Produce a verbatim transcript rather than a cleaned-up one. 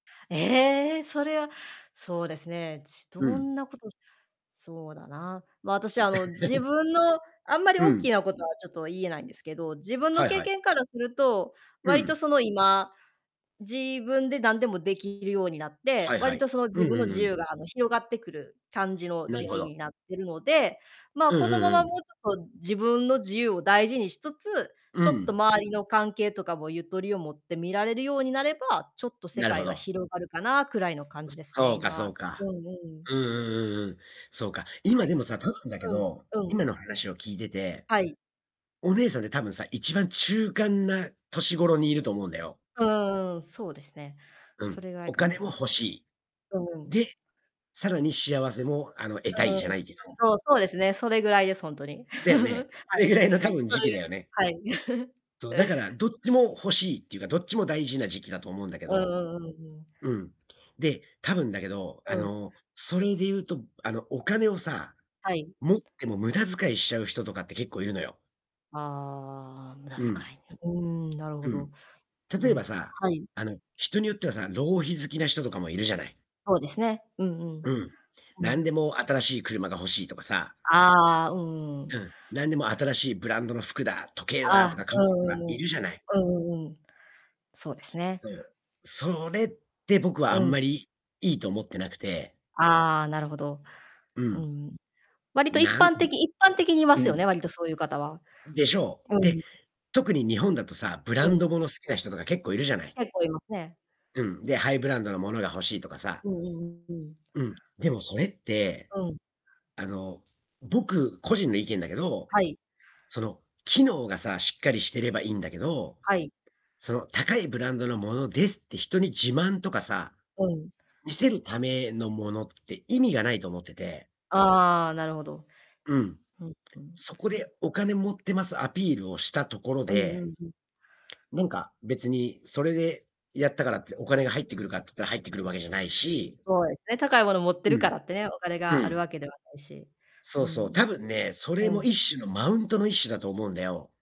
ええ！それは、そうですね、ちどうん。んなことそうだな。ま、あたし、あの、自 分のあんまりうおっきん。なことはちょっと言えないんですけど、自分のはい経はい。験からすると、う割とん。その、今、自分でなんでも出来るようになって、はいは割い。と、その、う自ん、分ふのん、う自ん。由が、あの、広がってくる感じのな時るほ期ど。になってるので、まあ、うこのまんうんうまもん。うちょっと自分の自由を大事にしつつ、うちょっとん。周りの関係とかもゆとりを持って見られるようになれば、ちょっと世なるほ界がど。広がるかなくらいの感じですすね、そうかそ今。ううか。んうん。うんうんうんうん。そうか。は今、い。でもさ、多分だけうん、ど、うん。今の話を聞いてて、はい。お姉さんって、多分さ、いちばん、中間な年頃にいると思うんだよ。うーん、そうですね。うそん、れぐらいおか金な。も欲しい。うんうん。で、さらに、幸せも、あの、得あ、たいうん、じゃないけどそう、そうですね、それぐらいです、ほんとに。だよね。それぐらいの、多分、時期だよね。はい。そいではい。そう、だからどっちも欲しいっていうか、どっちも大事な時期だと思うんだけうんど、うんうんうん。うん、で、多分だけど、あうん。の、それで言うと、あの、お金をさ、はい。持っても、無駄遣いしちゃう人とかって結構いるのよ。ああ、無駄うん。遣いに、うーん、なるうほど。ん。う例えん、ばさ、はい。あの、人によってはさあ、浪費好きな人とかもいるじゃない。そうですね、うんううん。ん。うなん。んでも、新しい車が欲しいとかさああああ、うんううん。ん、なんでも、新しいブランドの服だ、時計あだとか買あ、うう [unintelligible] とがんうんういん。るじゃない。うんうんうん。そうですすね。そう。それって僕はあうんん。まり、いいいと思ってなくて。ああ、なるほど。ううん。ん。割と、一なんう般的一般的にいまん。すうよん。ね、割とそうゆう方は。でしょうう。で、ん。特に日本だとさ、ブうランん。ド物好きな人とか結構いるじゃない。結構いますね。うん、で、ハイブランドのものが欲しいとかさ。うんうんうんうん。うん、でもそれって、うん。あの、僕、個人の意見だけど、はい。その、機能がさあ、しっかりしてればいんだけど、はい。その、高いブランドのものですって、人に自慢とかさ、うん。見せるためのものって意味がないと思ってて。ああああ、なるほど。うん。うんうん。そこで、お金持ってますアピールをしたところうんうでんうん。なんか、別に、それでやったからって、お金が入ってくるかっつったら入ってくるわけじゃないしそうですね、高いもの持ってうるかん。らってね、お金うがあるん。わけではないし、そううそう、多ん分ね、それうん。うもん。一種の、マウントの一種だと思うんだよ。